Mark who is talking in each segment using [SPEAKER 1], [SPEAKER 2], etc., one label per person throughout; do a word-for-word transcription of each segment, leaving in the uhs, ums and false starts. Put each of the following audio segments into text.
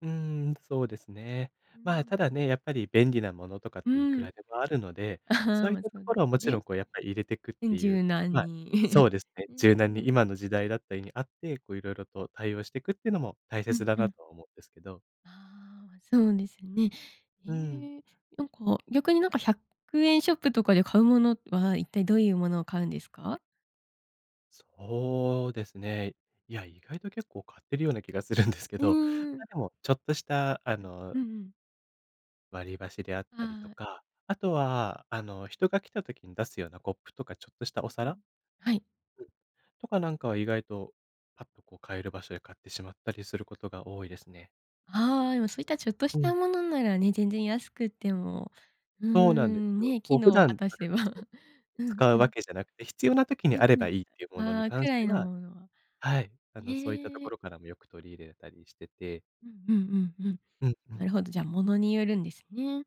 [SPEAKER 1] うん、そうですね。
[SPEAKER 2] うー
[SPEAKER 1] ま、ただ
[SPEAKER 2] ん。
[SPEAKER 1] ね、やっぱり便利なものとかっ
[SPEAKER 2] う
[SPEAKER 1] ていく
[SPEAKER 2] ん。
[SPEAKER 1] らでもあるので、そう いっ
[SPEAKER 2] ま、
[SPEAKER 1] た
[SPEAKER 2] そ
[SPEAKER 1] と
[SPEAKER 2] うで
[SPEAKER 1] ころはも
[SPEAKER 2] す
[SPEAKER 1] ちろ
[SPEAKER 2] ね。
[SPEAKER 1] ん、こう、やっぱ入れてくっ
[SPEAKER 2] うん
[SPEAKER 1] てい
[SPEAKER 2] 柔
[SPEAKER 1] う
[SPEAKER 2] 軟
[SPEAKER 1] はい、
[SPEAKER 2] に。
[SPEAKER 1] そう ですね、柔軟に
[SPEAKER 2] [unintelligible]
[SPEAKER 1] 今の時代だったりにあって、こう、色々と対応してくっていうのも大
[SPEAKER 2] うん
[SPEAKER 1] 切だ
[SPEAKER 2] う
[SPEAKER 1] な
[SPEAKER 2] ん。
[SPEAKER 1] とは思うんですけど。
[SPEAKER 2] ああ、そうですね。
[SPEAKER 1] うーん。
[SPEAKER 2] ええ、なんか、逆に、なんか、ひゃくえんショップとかで買うものは、一体どういうものを買うんですか？
[SPEAKER 1] そうですね。いや、意外と結構買ってるような気がするんですけ
[SPEAKER 2] う
[SPEAKER 1] ど、
[SPEAKER 2] ーん。
[SPEAKER 1] ま、で、もちょっとした、あ
[SPEAKER 2] う
[SPEAKER 1] の
[SPEAKER 2] ん、うんうん。
[SPEAKER 1] 割り箸であったり
[SPEAKER 2] あ
[SPEAKER 1] と
[SPEAKER 2] あ。
[SPEAKER 1] か、あとは、あの、人が来た時に出すようなコップとかちょっとし
[SPEAKER 2] う
[SPEAKER 1] たお
[SPEAKER 2] んう
[SPEAKER 1] 皿。
[SPEAKER 2] ん。はい。
[SPEAKER 1] うん。とかなんかは意外と、パッとこう買える場所で買ってしまったりすることが多いですね。
[SPEAKER 2] ああ、でも、そういったちょっとし
[SPEAKER 1] う
[SPEAKER 2] た
[SPEAKER 1] ん。
[SPEAKER 2] ものならね、全然安くっても、うー
[SPEAKER 1] そうなんで
[SPEAKER 2] ん、
[SPEAKER 1] すよ。
[SPEAKER 2] ね、
[SPEAKER 1] こ
[SPEAKER 2] 機
[SPEAKER 1] う、普
[SPEAKER 2] 能を果
[SPEAKER 1] 段
[SPEAKER 2] た
[SPEAKER 1] から
[SPEAKER 2] せば。
[SPEAKER 1] ちょっと
[SPEAKER 2] うん
[SPEAKER 1] 使
[SPEAKER 2] う
[SPEAKER 1] うわ
[SPEAKER 2] ん。
[SPEAKER 1] けじゃなくて、必要な時
[SPEAKER 2] う
[SPEAKER 1] に
[SPEAKER 2] う
[SPEAKER 1] あれ
[SPEAKER 2] んう
[SPEAKER 1] ばいいっていう
[SPEAKER 2] ん。
[SPEAKER 1] もの
[SPEAKER 2] あ
[SPEAKER 1] に
[SPEAKER 2] あ、く
[SPEAKER 1] 関し
[SPEAKER 2] らい
[SPEAKER 1] て
[SPEAKER 2] の
[SPEAKER 1] は
[SPEAKER 2] ものは。
[SPEAKER 1] はい、あの、そういったと
[SPEAKER 2] ね
[SPEAKER 1] こ
[SPEAKER 2] え。
[SPEAKER 1] ろからもよく取り入れたりしてて。
[SPEAKER 2] うんうんうんうん。
[SPEAKER 1] うんう
[SPEAKER 2] な
[SPEAKER 1] ん。
[SPEAKER 2] るほど、じゃ、物によるんですね。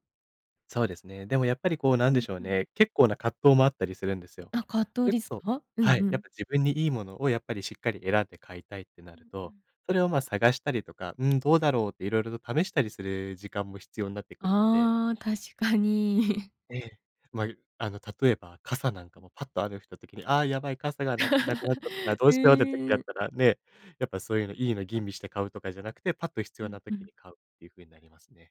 [SPEAKER 1] そうですね。でもやっぱり、こう、なん
[SPEAKER 2] う
[SPEAKER 1] で
[SPEAKER 2] ん
[SPEAKER 1] しょう
[SPEAKER 2] うん。
[SPEAKER 1] ね、結構な葛藤もあったりするんですよ。
[SPEAKER 2] あ、葛
[SPEAKER 1] そ
[SPEAKER 2] 藤
[SPEAKER 1] れ
[SPEAKER 2] で
[SPEAKER 1] こ
[SPEAKER 2] す
[SPEAKER 1] そ
[SPEAKER 2] か？う
[SPEAKER 1] は
[SPEAKER 2] んう
[SPEAKER 1] い、やっ
[SPEAKER 2] ん。
[SPEAKER 1] ぱ自分にいいものをやっぱりしっかり選んで買いたいってな
[SPEAKER 2] うん
[SPEAKER 1] る
[SPEAKER 2] う
[SPEAKER 1] と、
[SPEAKER 2] ん。
[SPEAKER 1] それを、まあ、探したりとか、うん、どうだろうって色々と試したりする時間も必要んなってくるので。
[SPEAKER 2] ああ、確かに。
[SPEAKER 1] ええ。ま、いあの、例えば傘
[SPEAKER 2] う
[SPEAKER 1] なんか
[SPEAKER 2] んうん。
[SPEAKER 1] も、パッと雨降った時に、ああ、やばい傘がなくなくなっちゃったから どう
[SPEAKER 2] へ
[SPEAKER 1] しようって時だっ
[SPEAKER 2] え。
[SPEAKER 1] たらね、やっぱそういうの、いいの吟味して買うとかじゃなくて、パッと必
[SPEAKER 2] う
[SPEAKER 1] 要
[SPEAKER 2] ん
[SPEAKER 1] な
[SPEAKER 2] う
[SPEAKER 1] 時
[SPEAKER 2] ん。
[SPEAKER 1] に買うっていう風になりますね。